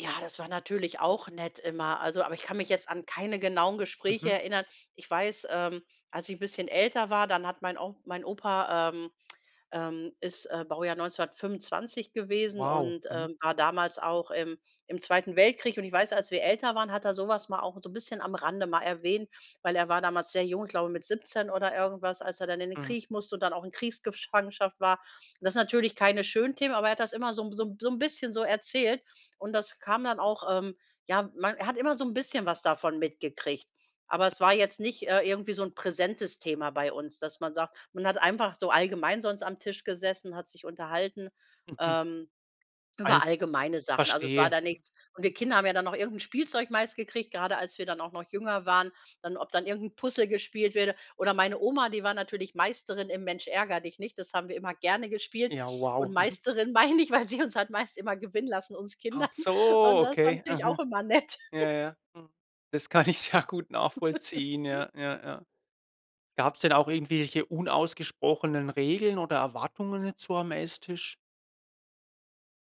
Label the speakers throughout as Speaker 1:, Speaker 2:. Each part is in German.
Speaker 1: Ja, das war natürlich auch nett immer. Also aber ich kann mich jetzt an keine genauen Gespräche
Speaker 2: Mhm.
Speaker 1: erinnern. Ich weiß, ähm, als ich 'n bisschen älter war, dann hat mein onk mein Opa, ähm, ähm, ist, äh, Baujahr 1925 gewesen
Speaker 2: Wow.
Speaker 1: und,
Speaker 2: Mhm.
Speaker 1: ähm, war damals auch im im Zweiten Weltkrieg. Und ich weiß, als wir älter waren, hat er so was mal auch so 'n bisschen am Rande mal erwähnt, weil er war damals sehr jung, ich glaube mit 17 oder irgendwas, als er dann in den
Speaker 2: Mhm.
Speaker 1: Krieg musste und dann auch in Kriegsgefangenschaft war. Das ist natürlich keine schönen Themen, aber er hat das immer so 'n so 'n so 'n bisschen so erzählt. Und das kam dann auch ähm, ja, man hat immer so 'n bisschen was davon mitgekriegt. Aber es war jetzt nicht, äh, irgendwie so 'n präsentes Thema bei uns, dass man sagt man hat einfach so allgemein sonst am Tisch gesessen, hat sich unterhalten,
Speaker 2: Mhm.
Speaker 1: ähm, über
Speaker 2: Einfach.
Speaker 1: allgemeine Sachen. Also es war
Speaker 2: Verstehe.
Speaker 1: da nichts und wir Kinder haben ja dann noch irgend 'n Spielzeug meist gekriegt, grade als wir dann auch noch jünger waren, dann ob dann irgend 'n Puzzle gespielt wurde. Oder meine Oma, die war natürlich Meisterin im Mensch-ärgere-dich-nicht, das haben wir immer gerne gespielt.
Speaker 2: Ja,
Speaker 1: Und
Speaker 2: wow, mhm.
Speaker 1: Meisterin meine ich, weil sie uns halt meist immer gewinnen lassen uns
Speaker 2: Ach
Speaker 1: Kindern.
Speaker 2: so,
Speaker 1: Und das war
Speaker 2: okay,
Speaker 1: natürlich
Speaker 2: mhm.
Speaker 1: auch immer nett.
Speaker 2: Ja, ja. Mhm. Das kann ich sehr gut nachvollziehen. Ja, ja, ja. Gab's denn auch irgendwelche unausgesprochenen Regeln oder Erwartungen jetzt so am Esstisch?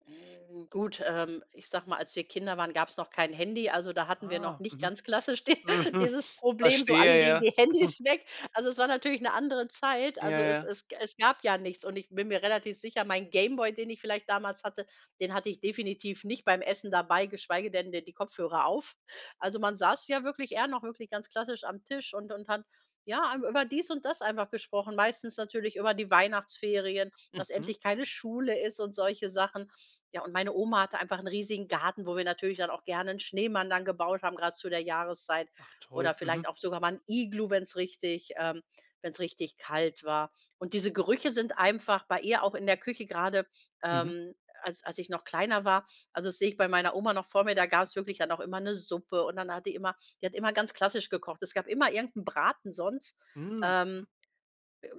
Speaker 1: Hm, gut, ähm, ich sage mal, als wir Kinder waren, gab's noch kein Handy. Also da hatten wir noch
Speaker 2: Ah,
Speaker 1: nicht
Speaker 2: mhm.
Speaker 1: ganz klassisch di
Speaker 2: Mhm,
Speaker 1: dieses Problem, so alle
Speaker 2: verstehe,
Speaker 1: legen
Speaker 2: ja.
Speaker 1: die
Speaker 2: Mhm.
Speaker 1: Handys weg. Also es war natürlich 'ne andere Zeit.
Speaker 2: Ja,
Speaker 1: Also es
Speaker 2: ja.
Speaker 1: es g es gab ja nichts und ich bin mir relativ sicher, mein Game Boy, den ich vielleicht damals hatte, den hatte ich definitiv nicht beim Essen dabei, geschweige denn d die Kopfhörer auf. Also man saß ja wirklich eher noch wirklich ganz klassisch am Tisch und und hat, ja, am über dies und das einfach gesprochen. Meistens natürlich über die Weihnachtsferien, dass
Speaker 2: Mhm.
Speaker 1: endlich keine Schule ist und solche Sachen. Ja, und meine Oma hatte einfach 'n riesigen Garten, wo wir natürlich dann auch gerne 'n Schneemann dann gebaut haben, grad zu der Jahreszeit
Speaker 2: Ach
Speaker 1: oder
Speaker 2: toll. Mhm.
Speaker 1: vielleicht auch sogar mal 'n Iglu, wenn's richtig ähm, wenn's richtig kalt war. Und diese Gerüche sind einfach bei ihr auch in der Küche grade,
Speaker 2: Mhm.
Speaker 1: ähm, als als ich noch kleiner war. Also das sehe ich bei meiner Oma noch vor mir, da gab's wirklich dann auch immer 'ne Suppe und dann hat die immer die hat immer ganz klassisch gekocht. Es gab immer irgend 'n Braten sonst,
Speaker 2: Mhm!
Speaker 1: ähm,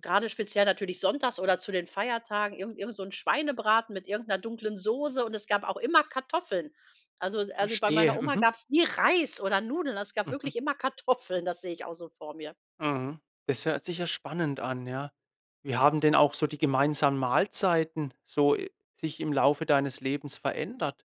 Speaker 1: grade speziell natürlich sonntags oder zu den Feiertagen irgend irgend so 'n Schweinebraten mit irgend 'ner dunklen Soße. Und es gab auch immer Kartoffeln. Also es also bei meiner
Speaker 2: Verstehe.
Speaker 1: Oma
Speaker 2: Mhm.
Speaker 1: gab's nie Reis oder Nudeln. Also, es gab
Speaker 2: Mhm.
Speaker 1: wirklich immer Kartoffeln. Das sehe ich auch so vor mir.
Speaker 2: Mhm. Das hört sich ja spannend an, ja. Wie haben denn auch so die gemeinsamen Mahlzeiten so, äh, sich im Laufe deines Lebens verändert?